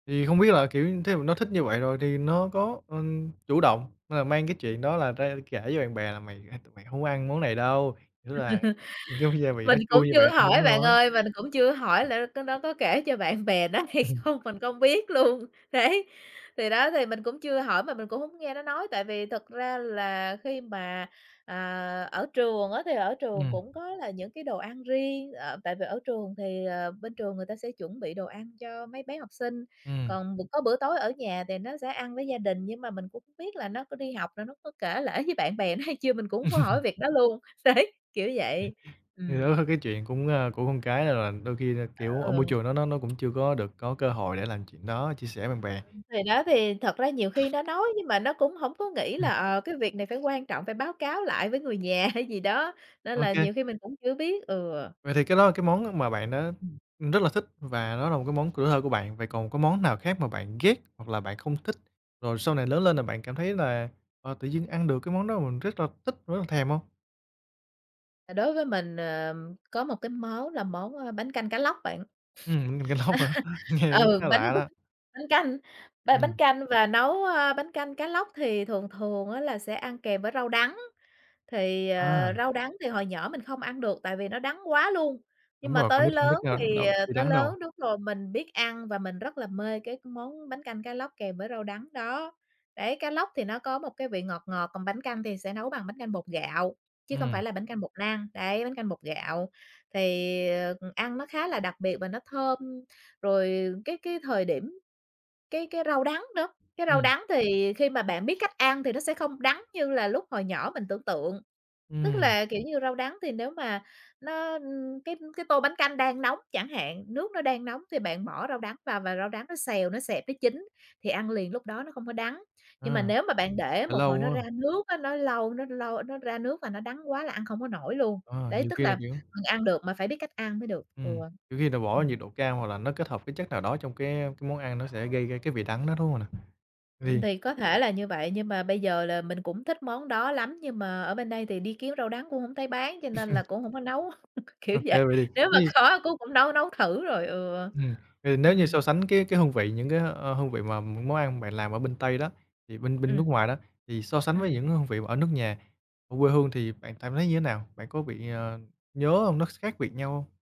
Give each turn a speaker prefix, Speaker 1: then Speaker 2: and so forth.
Speaker 1: Thì hông biết là, kiểu, thí dụ nó thích như vậy rồi thì nó có, ừm, chủ động là mang cái chuyện đó là ra kể với bạn bè là "Mày hai tụi mày hông có ăn món này đâu." Nghĩa là cái gia vị nó
Speaker 2: Mình cũng
Speaker 1: chua nhưng
Speaker 2: chưa
Speaker 1: bạn
Speaker 2: có
Speaker 1: ăn vẫn
Speaker 2: hỏi bạn
Speaker 1: ngon lắm.
Speaker 2: ơi, mình cũng chưa hỏi là á có nó có kể cho bạn bè nó hay không? Mình không biết luôn. Đấy. Thì đó thì mình cũng chưa hỏi mà mình cũng hổng nghe nó nói, tại vì thật ra là khi mà, à, ở trường á thì ở trường
Speaker 1: Ừm.
Speaker 2: cũng có là những cái đồ ăn riêng, ờ, tại vì ở trường thì, ờ, bên trường người ta sẽ chuẩn bị đồ ăn cho mấy bé học sinh.
Speaker 1: Ừm.
Speaker 2: Còn b có bữa tối ở nhà thì nó sẽ ăn với gia đình, nhưng mà mình cũng hổng biết là nó có đi học là nó có kể lể với bạn bè nó hay chưa, mình cũng hổng có hỏi việc đó luôn. Đấy. Kiểu vậy. Ừm.
Speaker 1: Thì đó cái chuyện cũng, a, của con cái nên là đôi khi là,
Speaker 2: À,
Speaker 1: kiểu,
Speaker 2: ừ,
Speaker 1: ở môi
Speaker 2: ừ.
Speaker 1: trường đó nó nó cũng chưa có được có cơ hội để làm chuyện đó, chia sẻ bạn bè.
Speaker 2: Ừ, thì đó thì thật ra nhiều khi nó nói, nhưng mà nó cũng hổng có nghĩ là,
Speaker 1: Ừm.
Speaker 2: ờ, cái việc này phải quan trọng, phải báo cáo lại với người nhà hay gì đó, nên là
Speaker 1: OK.
Speaker 2: nhiều khi mình cũng có chưa biết. Ừ.
Speaker 1: Vậy thì cái đó là cái món mà bạn đã,
Speaker 2: Ừm.
Speaker 1: ừm, rất là thích và nó là một cái món tuổi thơ của bạn. Vậy còn có món nào khác mà bạn ghét, hoặc là bạn không thích, rồi sau này lớn lên là bạn cảm thấy là, à, tự nhiên ăn được cái món đó mà mình rất là thích, rất là thèm hông?
Speaker 2: À, đối với mình, ờ, có một cái món là món, ơ, bánh canh cá lóc bạn.
Speaker 1: Ừm, bánh canh cá lóc hả? Nghe cũng
Speaker 2: Ừ,
Speaker 1: khá
Speaker 2: bánh
Speaker 1: lạ
Speaker 2: đúc,
Speaker 1: đó.
Speaker 2: bánh canh ba bánh
Speaker 1: Ừm.
Speaker 2: canh và nấu, ơ, bánh canh cá lóc thì thường thường á là sẽ ăn kèm với rau đắng. Thì,
Speaker 1: A.
Speaker 2: ờ, rau đắng thì hồi nhỏ mình không ăn được, tại vì nó đắng quá luôn. Nhưng
Speaker 1: Đúng
Speaker 2: mà
Speaker 1: rồi, con
Speaker 2: tới
Speaker 1: nít hông thích,
Speaker 2: lớn
Speaker 1: a,
Speaker 2: thì,
Speaker 1: đâu,
Speaker 2: ờ,
Speaker 1: bị
Speaker 2: tới
Speaker 1: đắng đâu.
Speaker 2: lớn đúng rồi, mình biết ăn và mình rất là mê cái món bánh canh cá lóc kèm với rau đắng đó. Đấy, cá lóc thì nó có một cái vị ngọt ngọt, còn bánh canh thì sẽ nấu bằng bánh canh bột gạo, chứ không
Speaker 1: Ừm.
Speaker 2: phải là bánh canh bột năng. Đấy, bánh canh bột gạo. Thì, ờ, ừm, ăn nó khá là đặc biệt và nó thơm, rồi, ờ, cái cái thời điểm cái cái rau đắng nữa, cái rau
Speaker 1: Ừm.
Speaker 2: đắng thì khi mà bạn biết cách ăn thì nó sẽ không đắng như là lúc hồi nhỏ mình tưởng tượng. Tức
Speaker 1: Ừm.
Speaker 2: là, kiểu như, rau đắng thì nếu mà nó, ưm, cái cái tô bánh canh đang nóng chẳng hạn, nước nó đang nóng thì bạn bỏ rau đắng vào và rau đắng nó xèo, nó xẹp, nó chín thì ăn liền lúc đó nó không có đắng, nhưng mà
Speaker 1: Ờ.
Speaker 2: nếu mà bạn để
Speaker 1: Để
Speaker 2: một
Speaker 1: lâu
Speaker 2: hồi nó
Speaker 1: quá.
Speaker 2: ra nước á, nó lâu nó lâu nó ra nước là nó đắng quá là ăn không có nổi luôn.
Speaker 1: Ờ,
Speaker 2: Đấy,
Speaker 1: nhiều
Speaker 2: tức
Speaker 1: khi
Speaker 2: là
Speaker 1: là kiểu
Speaker 2: mình ăn được mà phải biết cách ăn mới được. Ừ.
Speaker 1: Ừm. Kiểu khi là bỏ
Speaker 2: Ừm.
Speaker 1: nhiệt độ cao, hoặc là nó kết hợp với chất nào đó trong cái, a, cái món ăn nó sẽ gây ra cái vị đắng đó, đúng hông nè?
Speaker 2: Ừm,
Speaker 1: Vì
Speaker 2: thì có thể là như vậy, nhưng mà bây giờ là mình cũng thích món đó lắm, nhưng mà ở bên đây thì đi kiếm rau đắng cũng hổng thấy bán, cho nên là cũng hổng có nấu, kiểu
Speaker 1: OK.
Speaker 2: vậy.
Speaker 1: Vậy
Speaker 2: Nếu mà
Speaker 1: thì [unintelligible]
Speaker 2: khó cố cũng nấu nấu thử rồi. Ừ.
Speaker 1: Ừm. Ừ, nếu như so
Speaker 2: Ừm.
Speaker 1: sánh cái cái hương vị, những cái, ơ, ơ, hương vị mà món ăn mà bạn làm ở bên Tây đó, thì bên bên nước
Speaker 2: Ừm.
Speaker 1: ngoài đó thì so sánh với
Speaker 2: Ừm.
Speaker 1: những hương vị mà ở nước nhà, ở quê hương thì bạn cảm thấy như thế nào? Bạn có bị, ờ, nhớ hông, nó khác biệt nhau hông?